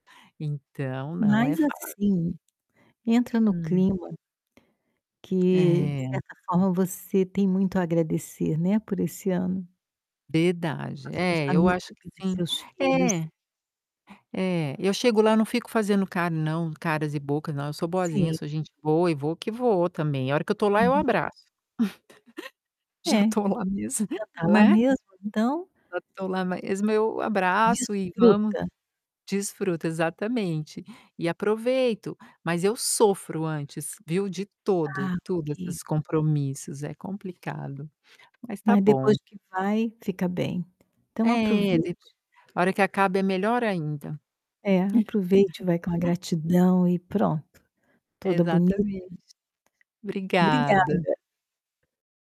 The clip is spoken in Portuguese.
Então, não é Mas fácil. assim, entra no Hum. clima, que de É. certa forma você tem muito a agradecer, né, por esse ano. [unintelligible] que Verdade, passou é, eu família, acho que pelos sim, seus filhos. é. É, eu chego lá não fico fazendo car não, caras e bocas, não eu sou boazinha, eu Sim. sou gente boa e vou que vou também, a hora que eu tô lá, eu Uhum. abraço. Já É, tô lá mesmo, já tá lá né. mesmo então Já tô lá mesmo, eu abraço e vamos Desfruta. desfruta, exatamente. E aproveito, mas eu sofro antes, viu, de todo Ah tudo ok. esses compromissos, é complicado. Mas está Mas bom. depois que vai, fica bem. Então É, depo aproveite. hora que acaba é melhor ainda. É, aproveite. Vai com a gratidão e pronto, toda bonita Exatamente. [unintelligible] Obrigada. Obrigada.